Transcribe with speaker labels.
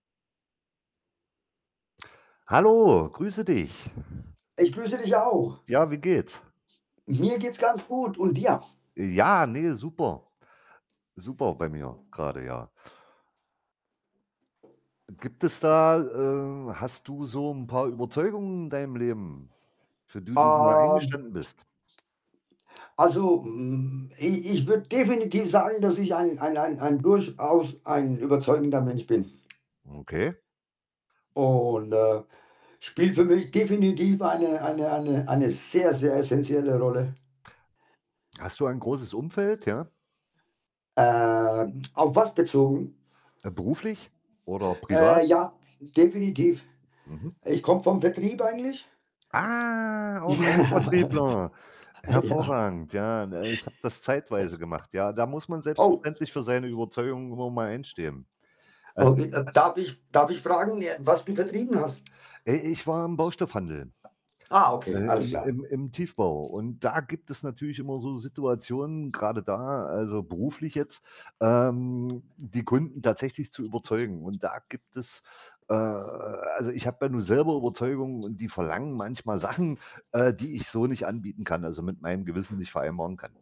Speaker 1: Hallo, grüße dich.
Speaker 2: Ich grüße dich auch!
Speaker 1: Ja, wie geht's?
Speaker 2: Mir geht's ganz gut und dir?
Speaker 1: Äh, ja, ne, super, super bei mir grade, ja. Äh, gibt es da äh, hast du so 'n paar Überzeugungen in deinem Leben, für d die du da
Speaker 2: Ähm,
Speaker 1: eingestanden bist?
Speaker 2: Also, hm, i ich würd definitiv sagen, dass ich ein ein ein ein durchaus ein überzeugender Mensch bin.
Speaker 1: Okay.
Speaker 2: Und äh, spielt für mich definitiv eine eine eine eine sehr, sehr essenzielle Rolle.
Speaker 1: Hast du ein großes Umfeld, ja?
Speaker 2: Ähm, auf was bezogen?
Speaker 1: Äh, beruflich? Oder privat?
Speaker 2: Äh, ja, definitiv.
Speaker 1: Mhm.
Speaker 2: Äh, ich komme vom Vertrieb eigentlich.
Speaker 1: Ah, auch ein
Speaker 2: Ja.
Speaker 1: Vertriebler! Hervorragend, ja. Äh, ich habe das
Speaker 2: Äh.
Speaker 1: zeitweise gemacht, ja. Da muss man
Speaker 2: Oh.
Speaker 1: selbstverständlich für seine Überzeugung immer mal einstehen.
Speaker 2: Oh
Speaker 1: Als
Speaker 2: [unintelligible] darf ich darf ich fragen, äh, was du vertrieben hast?
Speaker 1: Äh, ich war im Baustoffhandel,
Speaker 2: Ah, okay,
Speaker 1: äh,
Speaker 2: alles
Speaker 1: im
Speaker 2: klar.
Speaker 1: im im Tiefbau. Und da gibt es natürlich immer so Situationen, grade da, also, beruflich jetzt, ähm, die Kunden tatsächlich zu überzeugen. Und da gibt es, äh also, ich habe ja nun selber Überzeugung und die verlangen manchmal Sachen, äh, die ich so nicht anbieten kann, also, mit meinem Gewissen nicht vereinbaren kann.